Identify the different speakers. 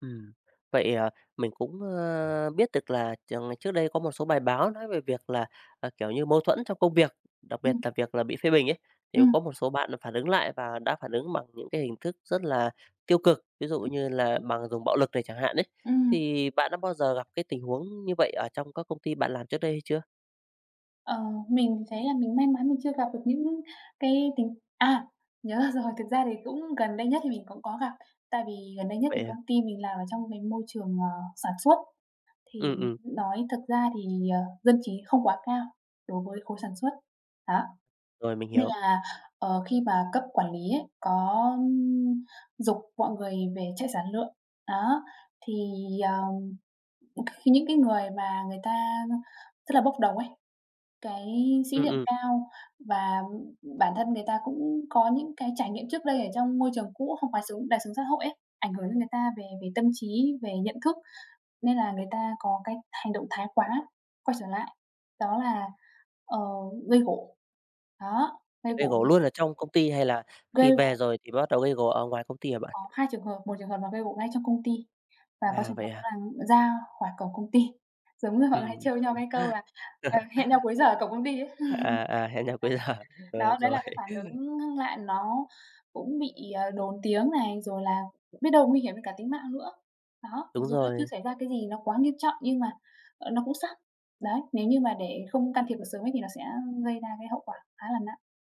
Speaker 1: Ừm, vậy, ờ, mình cũng, ơ, biết được là chờ ngày trước đây có một số bài báo nói về việc là, à, kiểu như, mâu thuẫn trong công việc, đặc biệt
Speaker 2: Ừm.
Speaker 1: là việc là bị phê bình ấy, thì
Speaker 2: Ừm.
Speaker 1: có một số bạn là phản ứng lại và đã phản ứng bằng những cái hình thức rất là tiêu cực, ví dụ như là bằng dùng bạo lực này chẳng hạn ấy.
Speaker 2: Ừm.
Speaker 1: Thì bạn đã bao giờ gặp cái tình huống như vậy ở trong các công ty bạn làm trước đây hay chưa?
Speaker 2: Ờ, mình thấy là mình may mắn mình chưa gặp được những cái tình à, nhớ ra rồi, thực ra thì cũng gần đây nhất thì mình cũng có gặp. Tại vì gần đây nhất thì
Speaker 1: Vậy hả?
Speaker 2: công ty mình làm ở trong cái môi trường, ờ, sản xuất, thì
Speaker 1: Ừm, ừm.
Speaker 2: nói thực ra thì, ờ, dân trí không quá cao đối với khối sản xuất. Đó.
Speaker 1: Rồi, mình
Speaker 2: Nên
Speaker 1: hiểu.
Speaker 2: là, ờ, khi mà cấp quản lý ấy, có giục mọi người về chạy sản lượng, đó, thì, ờm, những cái người mà người ta rất là bốc đồng ấy, cái sĩ
Speaker 1: Ừm,
Speaker 2: diện
Speaker 1: ừm.
Speaker 2: cao và bản thân người ta cũng có những cái trải nghiệm trước đây ở trong môi trường cũ không quá sướng, đời sống xã hội ấy, ảnh hưởng đến người ta về về tâm trí, về nhận thức nên là người ta có cái hành động thái quá quay trở lại, đó là, ờ, gây gổ. Đó, gây
Speaker 1: Gây
Speaker 2: gổ.
Speaker 1: gổ luôn ở trong công ty hay là khi
Speaker 2: Gây
Speaker 1: về
Speaker 2: gồ.
Speaker 1: rồi thì bắt đầu gây gổ ở ngoài công ty hả bạn?
Speaker 2: Có hai trường hợp, một trường hợp là gây gổ ngay trong công ty và có
Speaker 1: À,
Speaker 2: trường
Speaker 1: vậy
Speaker 2: hợp đó
Speaker 1: hả?
Speaker 2: là ra khỏi cổng công ty. Giống như họ hay
Speaker 1: Ừm.
Speaker 2: trêu nhau cái câu là "Ờ, hẹn nhau cuối giờ ở cổng công ty" ấy.
Speaker 1: À, à, hẹn nhau cuối giờ.
Speaker 2: [unintelligible]
Speaker 1: Ờ,
Speaker 2: Đó, đấy
Speaker 1: rồi.
Speaker 2: là cái phản ứng ngưng lại nó cũng bị, ờ, đồn tiếng này, rồi là biết đâu nguy hiểm đến cả tính mạng nữa. Đó, mặc
Speaker 1: Đúng
Speaker 2: dù nó chưa
Speaker 1: rồi.
Speaker 2: xảy ra cái gì nó quá nghiêm trọng nhưng mà, ờ, nó cũng sắp. Đấy, nếu như mà để không can thiệp được sớm ấy thì nó sẽ gây ra cái hậu quả khá là nặng.